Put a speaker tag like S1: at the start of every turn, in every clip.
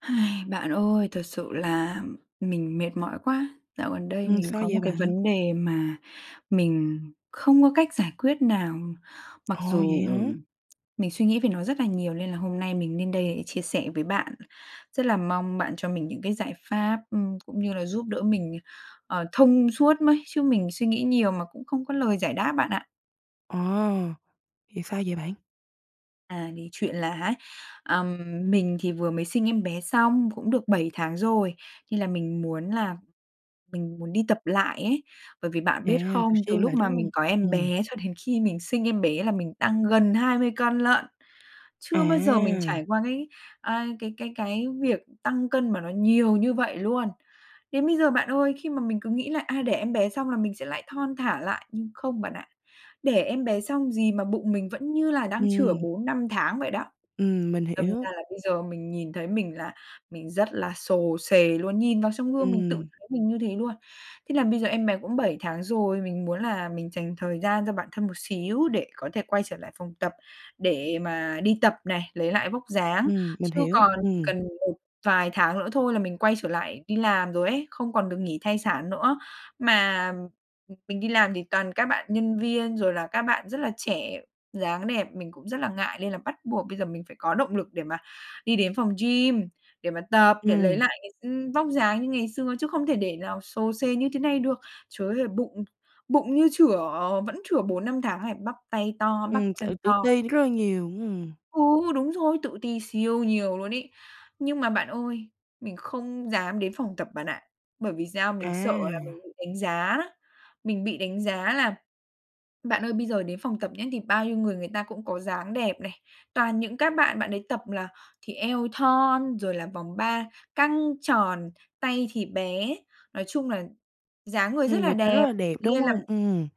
S1: Bạn ơi, thật sự là mình mệt mỏi quá. Dạo gần đây
S2: Ừm.
S1: mình
S2: Sao
S1: có một
S2: vậy
S1: cái
S2: bạn?
S1: vấn đề mà mình không có cách giải quyết nào, mặc
S2: Ồ,
S1: dù
S2: vậy hả?
S1: mình suy nghĩ về nó rất là nhiều nên là hôm nay mình nên đây để chia sẻ với bạn. Rất là mong bạn cho mình những cái giải pháp, ừm, cũng như là giúp đỡ mình, ờ, thông suốt mới, chứ mình suy nghĩ nhiều mà cũng không có lời giải đáp bạn ạ.
S2: Ồ, vì sao vậy bạn?
S1: À, thì chuyện là á, ờm, mình thì vừa mới sinh em bé xong cũng được 7 tháng rồi nên là mình muốn là mình muốn đi tập lại ấy. Bởi vì bạn
S2: À,
S1: biết
S2: tập
S1: không, từ
S2: gym
S1: lúc
S2: lại,
S1: mà
S2: đúng hông?
S1: mình có
S2: Ừ,
S1: em
S2: ừm.
S1: bé cho đến khi mình sinh em bé là mình tăng gần 20 cân lận. Chưa bao giờ mình
S2: À.
S1: trải qua cái, à, cái cái cái việc tăng cân mà nó nhiều như vậy luôn. Đến bây giờ bạn ơi, khi mà mình cứ nghĩ là, à, đẻ em bé xong là mình sẽ lại thon thả lại nhưng không bạn ạ, đẻ em bé xong gì mà bụng mình vẫn như là đang chửa
S2: Ừm.
S1: 4, 5 tháng vậy đó.
S2: Ừm, mình
S1: Đâm
S2: hiểu.
S1: ra là bây giờ mình nhìn thấy mình là mình rất là xồ xề luôn, nhìn vào trong gương mình tự
S2: Ừm.
S1: thấy mình như thế luôn. Thế là bây giờ em bé cũng 7 tháng rồi, mình muốn là mình dành thời gian cho bản thân một xíu để có thể quay trở lại phòng tập, để mà đi tập này, lấy lại vóc dáng,
S2: Ừm, mình
S1: chứ
S2: hiểu.
S1: còn chỉ
S2: Ừm.
S1: cần một vài tháng nữa thôi là mình quay trở lại đi làm rồi ấy, không còn được nghỉ thai sản nữa. Mà mình đi làm thì toàn các bạn nhân viên rồi là các bạn rất là trẻ, dáng đẹp, mình cũng rất là ngại lên là bắt buộc bây giờ mình phải có động lực để mà đi đến phòng gym để mà tập, để lấy
S2: Ừm.
S1: lại cái, ừm, vóc dáng như ngày xưa chứ không thể để nào xồ xề như thế này được. Trời ơi, là bụng bụng như chửa vẫn chửa 4, 5 tháng này, bắp tay to, bắp
S2: Ừm, tự
S1: chân
S2: tự
S1: to.
S2: ti rất là nhiều. Ừm.
S1: Ừ, đúng rồi, tự ti siêu nhiều luôn ấy. Nhưng mà bạn ơi, mình không dám đến phòng tập bạn ạ, bởi vì sao? Mình sợ là mình
S2: À.
S1: bị đánh giá. Mình bị đánh giá là bạn ơi, bây giờ đến phòng tập nhé thì bao nhiêu người người ta cũng có dáng đẹp này, toàn những các bạn, bạn ấy tập là thì eo thon rồi là vòng ba căng tròn, tay thì bé. Nói chung là dáng người
S2: Ừm,
S1: rất là
S2: người ta rất
S1: đẹp,
S2: là đẹp, đúng
S1: nên là
S2: hông? Ừm.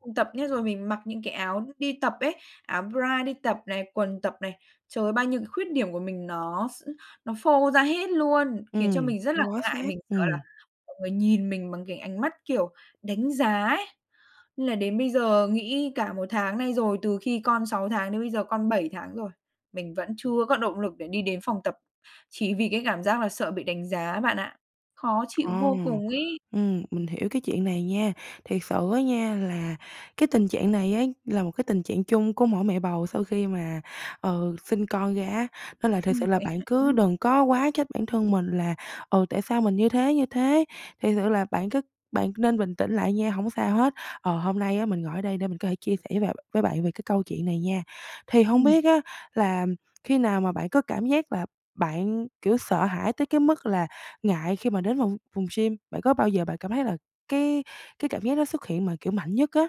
S1: không tập nữa rồi, mình mặc những cái áo đi tập ấy, áo bra đi tập này, quần tập này. Trời ơi, bao nhiêu cái khuyết điểm của mình nó s nó phô ra hết luôn, khiến cho
S2: Ừm,
S1: mình rất là
S2: do bó
S1: ngại,
S2: sát.
S1: mình sợ là
S2: Ừm.
S1: mọi người nhìn mình bằng cái ánh mắt, kiểu, đánh giá ấy. Nên là đến bây giờ nghĩ cả 1 tháng nay rồi, từ khi con 6 tháng đến bây giờ con 7 tháng rồi mình vẫn chưa có động lực để đi đến phòng tập chỉ vì cái cảm giác là sợ bị đánh giá bạn ạ. Khó chịu
S2: Ờ,
S1: vô cùng ấy.
S2: ừm, mình hiểu cái chuyện này nha, thiệt sự á nha, là cái tình trạng này á là một cái tình trạng chung của mỗi mẹ bầu sau khi mà, ờ, sinh con ra á, nên là thực
S1: Ừm,
S2: sự là
S1: vậy
S2: bạn
S1: hả?
S2: cứ đừng có quá trách bản thân mình là, ờ, tại sao mình như thế, như thế, thiệt sự là bạn cứ bạn nên bình tĩnh lại nha, hổng sao hết. Ờ, hôm nay á, mình ngồi ở đây để mình có thể chia sẻ với bạn với bạn về cái câu chuyện này nha. Thì hông
S1: Ừm.
S2: biết á là khi nào mà bạn có cảm giác là bạn, kiểu, sợ hãi tới cái mức là ngại khi mà đến vòng phòng gym, bạn có bao giờ bạn cảm thấy là cái cái cảm giác nó xuất hiện mà, kiểu, mạnh nhất á?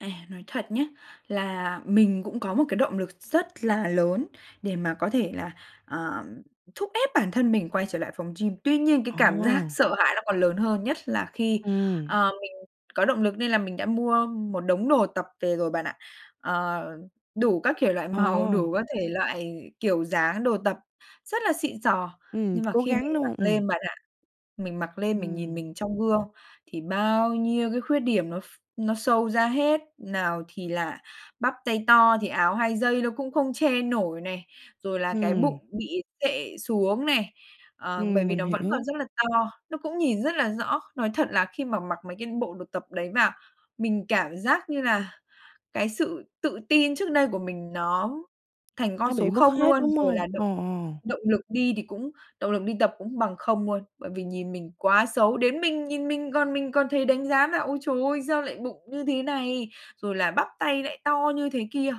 S1: À, nói thật nhá, là mình cũng có một cái động lực rất là lớn để mà có thể là, ờ, thúc ép bản thân mình quay trở lại phòng gym, tuy nhiên cái
S2: Ờ.
S1: cảm giác sợ hãi nó còn lớn hơn, nhất là khi
S2: Ừm.
S1: ờ, mình có động lực nên là mình đã mua một đống đồ tập về rồi bạn ạ, ờ, đủ các kiểu loại màu,
S2: Ờ.
S1: đủ các thể loại kiểu dáng đồ tập, rất là xịn xò.
S2: Ừm,
S1: Nhưng mà
S2: cố
S1: khi mình
S2: gắng đúng
S1: mặc
S2: hông? Ừm.
S1: lên bạn ạ, mình mặc lên mình nhìn
S2: Ừm.
S1: mình trong gương, thì bao nhiêu cái khuyết điểm nó ph nó show ra hết, nào thì là bắp tay to thì áo hai dây nó cũng không che nổi này, rồi là cái
S2: Ừm.
S1: bụng bị xệ xuống này, ờ, bởi
S2: Ừm,
S1: vì
S2: mình
S1: nó vẫn còn
S2: hiểu.
S1: rất là to, nó cũng nhìn rất là rõ. Nói thật là khi mà mặc mấy cái bộ đồ tập đấy vào, mình cảm giác như nà cái sự tự tin trước đây của mình nó thành con
S2: Nó bị
S1: số
S2: mất
S1: 0
S2: hết,
S1: luôn,
S2: đúng
S1: rồi
S2: hông?
S1: là
S2: Ờ,
S1: động
S2: ờ.
S1: động lực đi thì cũng động lực đi tập cũng bằng 0 luôn, bởi vì nhìn mình quá xấu. Đến mình nhìn mình còn mình còn thấy đánh giá là "Ôi, trời ơi, sao lại bụng như thế này? Rồi là "Bắp tay lại to như thế kia!"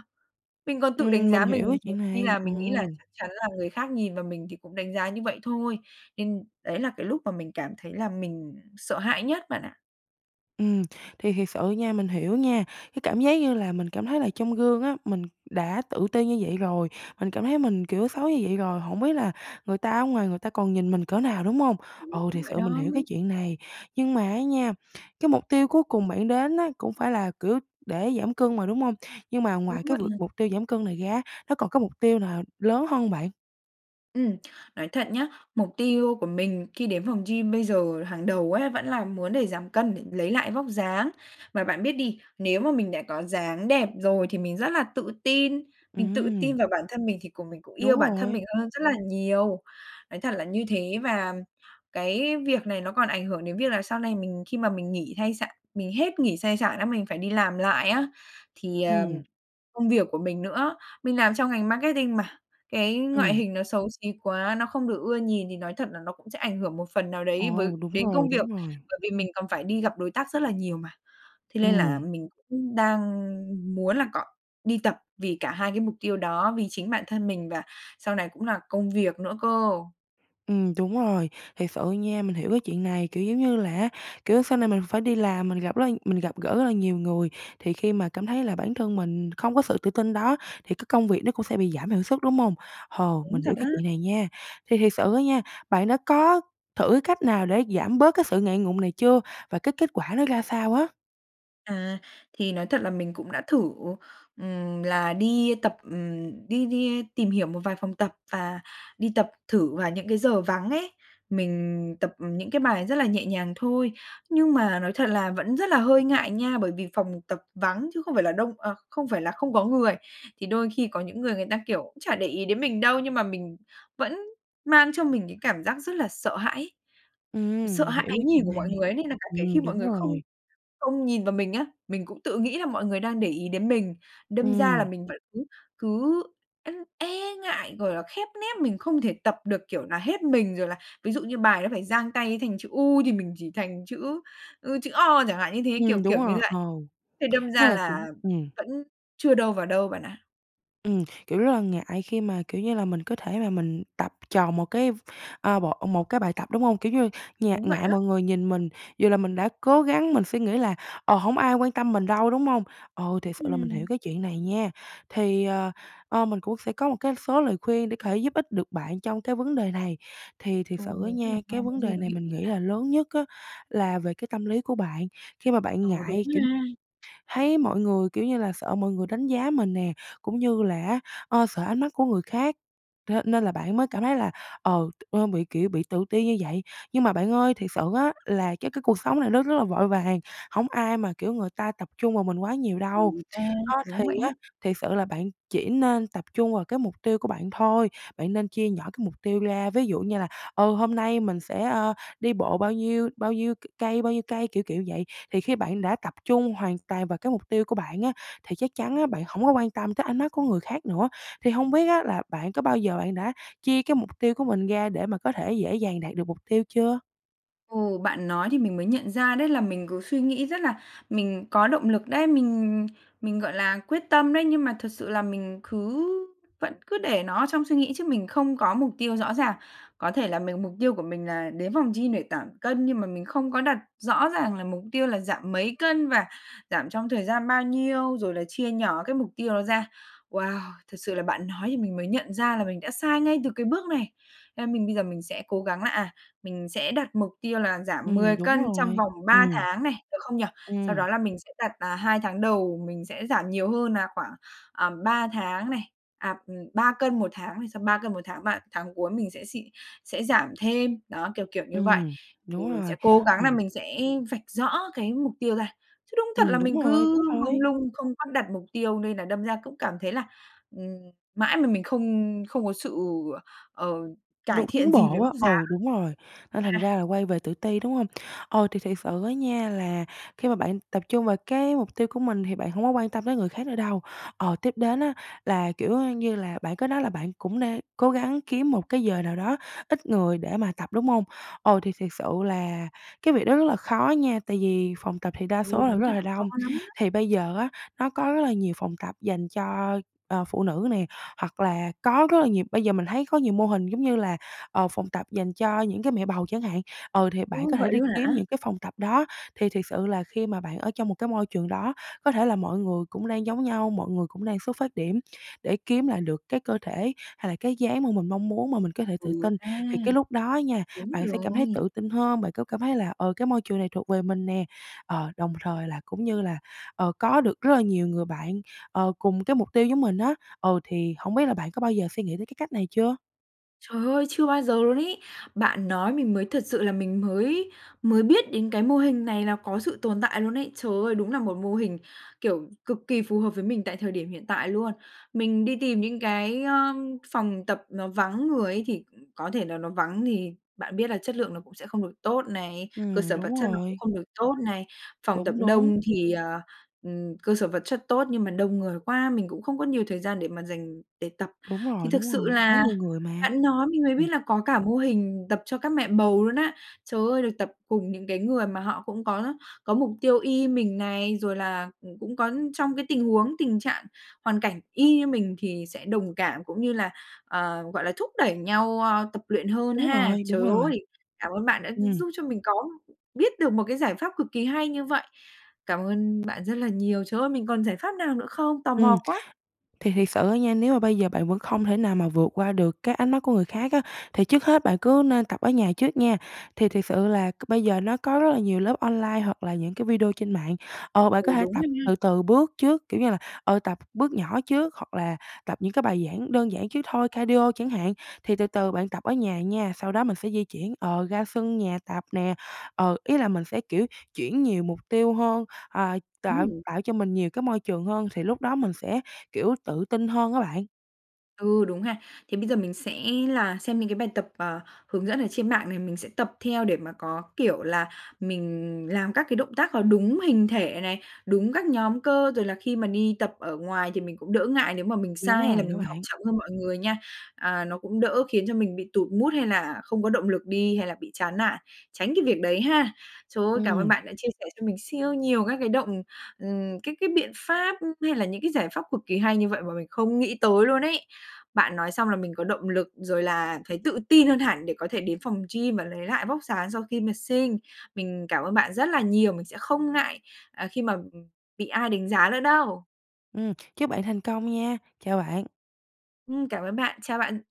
S1: Mình còn tự đánh
S2: Ừm, mình
S1: giá mình,
S2: hiểu cái
S1: nhiều
S2: chuyện
S1: khi
S2: này.
S1: là
S2: Ồ.
S1: mình nghĩ là chắc chắn là người khác nhìn vào mình thì cũng đánh giá như vậy thôi, nên đấy là cái lúc mà mình cảm thấy là mình sợ hãi nhất bạn ạ.
S2: Ừm, thì thiệt sự nha, mình hiểu nha, cái cảm giác như là mình cảm thấy là trong gương á, mình đã tự ti như vậy rồi, mình cảm thấy mình, kiểu, xấu như vậy rồi, hổng biết là người ta ở ngoài người ta còn nhìn mình cỡ nào, đúng hông? Ừ,
S1: Đúng
S2: thiệt
S1: vậy
S2: sự mình
S1: đó.
S2: hiểu cái chuyện này, nhưng mà á nha, cái mục tiêu cuối cùng bạn đến á cũng phải là, kiểu, để giảm cân mà, đúng hông? Nhưng mà
S1: Đúng
S2: ngoài cái
S1: vậy
S2: việc
S1: nè.
S2: mục tiêu giảm cân này ra á, nó còn có mục tiêu nào lớn hơn hông bạn?
S1: Ừm. Nói thật nhá, mục tiêu của mình khi đến phòng gym bây giờ hàng đầu ấy vẫn là muốn để giảm cân, để lấy lại vóc dáng. Mà bạn biết đi, nếu mà mình đã có dáng đẹp rồi thì mình rất là tự tin, mình tự tin
S2: Ừm.
S1: vào bản thân mình thì cùng mình cũng yêu
S2: Đúng
S1: bản thân
S2: rồi.
S1: mình hơn rất là nhiều, nói thật là như thế. Và cái việc này nó còn ảnh hưởng đến việc là sau này mình khi mà mình nghỉ thai sả mình hết nghỉ sai sản á, mình phải đi làm lại á, thì, ờm,
S2: Ừm.
S1: công việc của mình nữa. Mình làm trong ngành marketing mà, cái ngoại
S2: Ừm.
S1: hình nó xấu xí quá, nó không được ưa nhìn thì nói thật là nó cũng sẽ ảnh hưởng một phần nào đấy với
S2: Ồ! Đúng
S1: đến công
S2: rồi,
S1: việc,
S2: đúng rồi.
S1: bởi vì mình còn phải đi gặp đối tác rất là nhiều mà. Thế nên là
S2: Ừm.
S1: mình cũng đang muốn là cọ đi tập vì cả 2 cái mục tiêu đó, vì chính bản thân mình và sau này cũng là công việc nữa cơ.
S2: Ừm, đúng rồi, thiệt sự nha, mình hiểu cái chuyện này, kiểu, giống như là á, kiểu, sau này mình phải đi làm, mình gặp rất là mình gặp gỡ rất là nhiều người, thì khi mà cảm thấy là bản thân mình không có sự tự tin đó, thì cái công việc nó cũng sẽ bị giảm hiệu suất, đúng hông? Hồ,
S1: Đúng
S2: mình
S1: thật
S2: hiểu
S1: á.
S2: cái chuyện này nha. Thì thiệt sự á nha, bạn đã có thử cái cách nào để giảm bớt cái sự ngại ngùng này chưa? Và cái kết quả nó ra sao á?
S1: À, thì nói thật là mình cũng đã thử, ừm, là đi tập ừm, đi đi tìm hiểu một vài phòng tập và đi tập thử vào những cái giờ vắng ấy, mình tập những cái bài rất là nhẹ nhàng thôi, nhưng mà nói thật là vẫn rất là hơi ngại nha, bởi vì phòng tập vắng chứ không phải là đông ờ, không phải là không có người. Thì đôi khi có những người người ta, kiểu, cũng chả để ý đến mình đâu nhưng mà mình vẫn mang trong mình cái cảm giác rất là sợ hãi,
S2: Ừm,
S1: sợ
S2: mình
S1: hãi
S2: hiểu
S1: ánh
S2: cái
S1: nhìn
S2: chuyện
S1: của mọi
S2: này.
S1: người ấy nên là cả kể khi
S2: Ừm,
S1: mọi
S2: đúng
S1: người không
S2: rồi.
S1: không nhìn vào mình á, mình cũng tự nghĩ là mọi người đang để ý đến mình. Đâm ra là
S2: Ừm.
S1: mình vẫn cứ cứ [unintelligible] e ngại, gọi là, khép nép mình không thể tập được, kiểu, nà hết mình rồi là ví dụ như bài nó phải dang tay thành chữ U thì mình chỉ thành chữ, ư, chữ O chẳng hạn như thế, kiểu
S2: Ừm, đúng
S1: kiểu như
S2: rồi,
S1: vậy.
S2: ờ.
S1: Thế đâm
S2: Rất
S1: ra
S2: là đúng,
S1: là
S2: ừm.
S1: vẫn chưa đâu vào đâu bạn ạ.
S2: Ừm, kiểu, rất là ngại khi mà, kiểu như là, mình có thể mà mình tập tròn một cái, ờ, bộ một cái bài tập, đúng hông? Kiểu như, ngại
S1: Đúng vậy
S2: ngại
S1: á.
S2: mọi người nhìn mình, dù là mình đã cố gắng mình suy nghĩ là "Ờ, hông ai quan tâm mình đâu", đúng hông? Ồ, thiệt sự là mình hiểu
S1: Ừm.
S2: cái chuyện này nha. Thì, ờ, ơ, mình cũng sẽ có một cái số lời khuyên để có thể giúp ích được bạn trong cái vấn đề này. Thì thiệt
S1: Chồi,
S2: sự á
S1: mình rất là
S2: nha, cái
S1: mong cái
S2: vấn
S1: gì
S2: đề
S1: nó
S2: này
S1: hữu
S2: mình
S1: ích
S2: nghĩ
S1: à.
S2: là lớn nhất á là về cái tâm lý của bạn, khi mà bạn
S1: Ờ, đúng
S2: ngại, kiểu,
S1: ha.
S2: thấy mọi người, kiểu như là, sợ mọi người đánh giá mình nè, cũng như là á, ơ, sợ ánh mắt của người khác, thế nên là bạn mới cảm thấy là, ờ, ơ, bị, kiểu, bị tự ti như vậy. Nhưng mà bạn ơi, thiệt sự á là cái cái cuộc sống này nó rất là vội vàng, hông ai mà, kiểu, người ta tập trung vào mình quá nhiều đâu.
S1: Ừm, ta,
S2: Đó thì
S1: đúng vậy
S2: á,
S1: á.
S2: thiệt sự là bạn chỉ nên tập trung vào cái mục tiêu của bạn thôi, bạn nên chia nhỏ cái mục tiêu ra, ví dụ như là, ờ, "Hôm nay mình sẽ, ơ, đi bộ bao nhiêu? Bao nhiêu c cây? Bao nhiêu cây?" Kiểu, kiểu, vậy thì khi bạn đã tập trung hoàn toàn vào cái mục tiêu của bạn á thì chắc chắn á bạn hổng có quan tâm tới ánh mắt của người khác nữa. Thì hông biết á là bạn có bao giờ bạn đã chia cái mục tiêu của mình ra để mà có thể dễ dàng đạt được mục tiêu chưa?
S1: Ừ, bạn nói thì mình mới nhận ra đấy là mình cứ suy nghĩ rất là mình có động lực đấy, mình mình, gọi là, quyết tâm đấy, nhưng mà thực sự là mình cứ vẫn cứ để nó ở trong suy nghĩ chứ mình không có mục tiêu rõ ràng. Có thể là mình mục tiêu của mình là đến phòng gym để giảm cân nhưng mà mình không có đặt rõ ràng là mục tiêu là giảm mấy cân? Và giảm trong thời gian bao nhiêu? Rồi là chia nhỏ cái mục tiêu đó ra. Wow! Thật sự là bạn nói thì mình mới nhận ra là mình đã sai ngay từ cái bước này. Nên mình bây giờ mình sẽ cố gắng là, à, mình sẽ đặt mục tiêu là giảm 10
S2: Ừm, đúng
S1: cân trong
S2: rồi,
S1: vòng 3
S2: ừm.
S1: tháng này, được không nhỉ? Sau
S2: Ừm.
S1: đó là mình sẽ đặt nà 2 tháng đầu mình sẽ giảm nhiều hơn nà khoảng, à, 3 tháng này, à, ừm, 3 cân một tháng này, xong 3 cân một tháng ba tháng cuối mình sẽ xịn sẽ giảm thêm, đó, kiểu, kiểu, như vậy.
S2: Ừm,
S1: Thì
S2: đúng
S1: mình sẽ
S2: rồi,
S1: cố gắng nà
S2: ừm.
S1: mình sẽ vạch rõ cái mục tiêu ra chứ đúng thật là
S2: Ừm, đúng
S1: mình
S2: rồi,
S1: cứ
S2: đúng
S1: mông
S2: rồi.
S1: lung không có đặt mục tiêu nên là đâm ra cũng cảm thấy là, ừm, mãi mà mình không không có sự, ờ, cải
S2: Đủ
S1: thiện
S2: tiến
S1: gì về
S2: bộ á,
S1: vóc dáng.
S2: ừ, đúng rồi, nên thành
S1: Ha.
S2: ra là quay về tự ti, đúng hông? Ờ, thì thiệt sự á nha là khi mà bạn tập trung vào cái mục tiêu của mình thì bạn hông có quan tâm tới người khác nữa đâu. Ờ, tiếp đến á là, kiểu á như là, bạn có nói là bạn cũng nê cố gắng kiếm một cái giờ nào đó ít người để mà tập, đúng hông? Ồ, thì thiệt sự là cái việc đó rất là khó nha, tại vì phòng tập thì đa
S1: Ừ,
S2: số là
S1: đúng
S2: rất
S1: thật
S2: là
S1: là khó
S2: đông.
S1: lắm đó.
S2: Thì bây giờ á, nó có rất là nhiều phòng tập dành cho, ờ, phụ nữ nè, hoặc là có rất là nhiều bây giờ mình thấy có nhiều mô hình giống như là, ờ, phòng tập dành cho những cái mẹ bầu chẳng hạn, ờ, thì bạn
S1: Ừ,
S2: có thể
S1: vậy
S2: đi
S1: luôn
S2: kiếm
S1: hả?
S2: những cái phòng tập đó. Thì thiệt sự là khi mà bạn ở trong một cái môi trường đó có thể là mọi người cũng đang giống nhau, mọi người cũng đang xuất phát điểm để kiếm lại được cái cơ thể hay là cái dáng mà mình mong muốn mà mình có thể tự
S1: Ừ
S2: tin.
S1: ha.
S2: Thì cái lúc đó nha,
S1: Đúng
S2: bạn sẽ cảm thấy
S1: rồi.
S2: tự tin hơn, bạn có cảm thấy là: "Ờ, cái môi trường này thuộc về mình nè." Ờ, đồng thời là cũng như là, ờ, có được rất là nhiều người bạn, ờ, cùng cái mục tiêu giống mình á. Ờ, thì hông biết là bạn có bao giờ suy nghĩ tới cái cách này chưa?
S1: Trời ơi! Chưa bao giờ luôn ấy. Bạn nói mình mới thật sự là mình mới mới biết đến cái mô hình này là có sự tồn tại luôn ấy. Trời ơi! Đúng là một mô hình, kiểu, cực kỳ phù hợp với mình tại thời điểm hiện tại luôn. Mình đi tìm những cái, ờm, phòng tập nó vắng người ấy, thì, ừ, có thể là nó vắng thì bạn biết là chất lượng nó cũng sẽ không được tốt này, cơ
S2: Ừm,
S1: sở vật
S2: đúng
S1: chất nó cũng
S2: rồi.
S1: không được tốt này. Phòng tập
S2: Đúng, đúng.
S1: đông thì, ờ, ừm, cơ sở vật chất tốt, nhưng mà đông người quá mình cũng không có nhiều thời gian để mà dành để tập.
S2: Đúng
S1: Thì
S2: rồi,
S1: thực
S2: đúng
S1: sự
S2: rồi, quá
S1: là
S2: nhiều người mà.
S1: bạn nói mình mới
S2: Ừm.
S1: biết là có cả mô hình tập cho các mẹ bầu luôn á. Trời ơi, được tập cùng những cái người mà họ cũng có có mục tiêu y mình này, rồi là, ừ, cũng có trong cái tình huống, tình trạng hoàn cảnh y như mình thì sẽ đồng cảm cũng như là, ờ, gọi là, thúc đẩy nhau, ơ, tập luyện hơn
S2: Đúng
S1: ha.
S2: rồi,
S1: Trời
S2: đúng rồi.
S1: ơi! Cảm ơn bạn đã gi
S2: Ừm.
S1: giúp cho mình có biết được một cái giải pháp cực kỳ hay như vậy. Cảm ơn bạn rất là nhiều. Trời ơi, mình còn giải pháp nào nữa không? Tò
S2: Ừm.
S1: mò quá!
S2: Thì thiệt sự á nha, nếu mà bây giờ bạn vẫn không thể nào mà vượt qua được cái ánh mắt của người khác á, thì trước hết bạn cứ nên tập ở nhà trước nha. Thì thiệt sự là c bây giờ nó có rất là nhiều lớp online hoặc là những cái video trên mạng. Ờ, bạn
S1: Ừ,
S2: có thể
S1: đúng
S2: tập
S1: rồi nha.
S2: từ từ bước trước, kiểu như là, ờ, tập bước nhỏ trước hoặc là tập những cái bài giảng đơn giản trước thôi, cardio chẳng hạn. Thì từ từ bạn tập ở nhà nha, sau đó mình sẽ di chuyển, ờ, ra sân nhà tập nè. Ờ, ý là mình sẽ, kiểu, chuyển nhiều mục tiêu hơn, ờ, tạo
S1: Ừm.
S2: tạo cho mình nhiều cái môi trường hơn, thì lúc đó mình sẽ, kiểu, tự tin hơn á bạn.
S1: Ừ, đúng ha. Thế bây giờ mình sẽ là xem những cái bài tập, ờ, hướng dẫn ở trên mạng này. Mình sẽ tập theo để mà có kiểu là mình làm các cái động tác có đúng hình thể này, đúng các nhóm cơ. Rồi là khi mà đi tập ở ngoài thì mình cũng đỡ ngại nếu mà mình
S2: Đúng
S1: sai hay là
S2: rồi, đó
S1: mình học
S2: bạn.
S1: chậm hơn mọi người nha. À, nó cũng đỡ khiến cho mình bị tụt mood hay là không có động lực đi hay là bị chán nản, tránh cái việc đấy ha. Trời ơi, cảm ơn
S2: Ừm.
S1: bạn đã chia sẻ cho mình siêu nhiều các cái động ừm, các cái biện pháp h hay là những cái giải pháp cực kỳ hay như vậy mà mình không nghĩ tới luôn ấy! Bạn nói xong là mình có động lực rồi là thấy tự tin hơn hẳn để có thể đến phòng gym và lấy lại vóc dáng sau khi mà sinh. Mình cảm ơn bạn rất là nhiều. Mình sẽ không ngại, à, khi mà, ừm, bị ai đánh giá nữa đâu!
S2: Ừm, chúc bạn thành công nha! Chào bạn.
S1: Ừm, cảm ơn bạn. Chào bạn.